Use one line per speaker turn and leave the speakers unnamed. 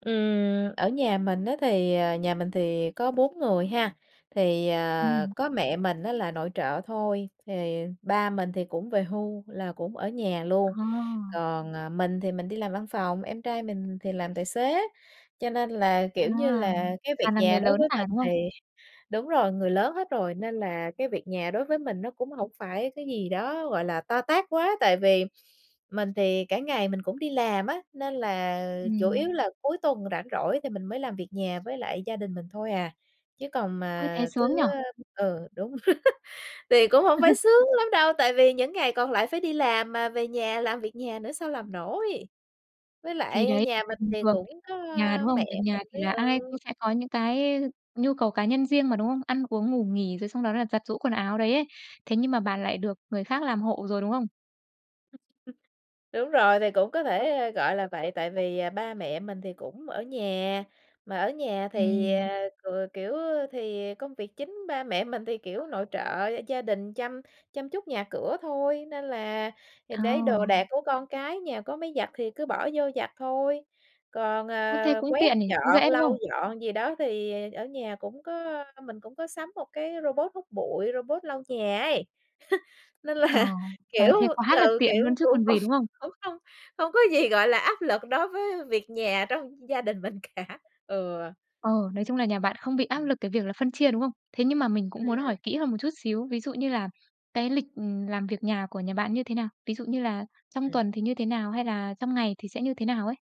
Ừm, ở nhà mình á thì, ờ, nhà mình thì có 4 người ha. Thì, ờ,
Ừm.
có mẹ mình á là nội trợ thôi, thì ba mình thì cũng về hưu là cũng ở nhà luôn,
Ờ.
còn, à, mình thì mình đi làm văn phòng, em trai mình thì làm tài xế, cho nên là,
À,
kiểu như là, cái việc
toàn là
nhà
người
đối
lớn
với
cả,
mình
đúng
thì
hông?
đúng rồi, người lớn hết rồi nên là cái việc nhà đối với mình nó cũng hổng phải cái gì đó, gọi là, to tát quá. Tại vì mình thì cả ngày mình cũng đi làm á, nên là chủ
Ừm.
yếu là cuối tuần rảnh rỗi thì mình mới làm việc nhà với lại gia đình mình thôi à, chứ còn
Ôi, thế
mà thứ,
sướng nhỉ!
a ừ, đúng. Thì cũng không phải sướng lắm đâu, tại vì những ngày còn lại phải đi làm mà về nhà làm việc nhà nữa sao làm nổi. Với
Thì đấy,
lại nhà
là
mình
bình
thì
thường thì
cũng
không
có
nhà, đúng hông?
mẹ
Việc nhà
mình
thì
với
là ai cũng
ừ.
sẽ có những
Ừm.
cái nhu cầu cá nhân riêng mà, đúng hông? Ăn uống, ngủ nghỉ rồi xong đó là giặt giũ quần áo đấy ấy, thế nhưng mà bạn lại được người khác làm hộ rồi, đúng hông?
[unintelligible] Đúng rồi, thì cũng có thể gọi là vậy, tại vì, à, ba mẹ mình thì cũng ở nhà, mà ở nhà thì,
Ừm.
à, ừ, kiểu, thì công việc chính ba mẹ mình thì, kiểu, nội trợ gia đình, chăm chăm chút nhà cửa thôi. Nên là thì đấy đồ đạc
Ồ.
của con cái nhà có máy giặt thì cứ bỏ vô giặt thôi, còn,
Ơ, thế
ờ,
cũng
quét
tiện nhỉ? Cũng
dọn,
dễ, đúng
lau
hông?
dọn gì đó thì ở nhà cũng có mình cũng có sắm 1 cái robot hút bụi, robot lau nhà ấy. Nên là,
Ờ, trời ơi,
kiểu,
thế quá là
ừ,
tiện
kiểu,
luôn chứ
cũng
còn
không
gì, đúng hông?
cũng không không có gì, gọi là, áp lực đối với việc nhà trong gia đình mình cả. Ừ.
Ờ, nói chung là nhà bạn không bị áp lực cái việc là phân chia, đúng không? Thế nhưng mà mình cũng muốn hỏi
Ừm.
kỹ hơn một chút xíu, ví dụ như là cái lịch, ừm, làm việc nhà của nhà bạn như thế nào? Ví dụ như là trong
Ừm.
tuần thì như thế nào? Hay là trong ngày thì sẽ như thế nào ấy?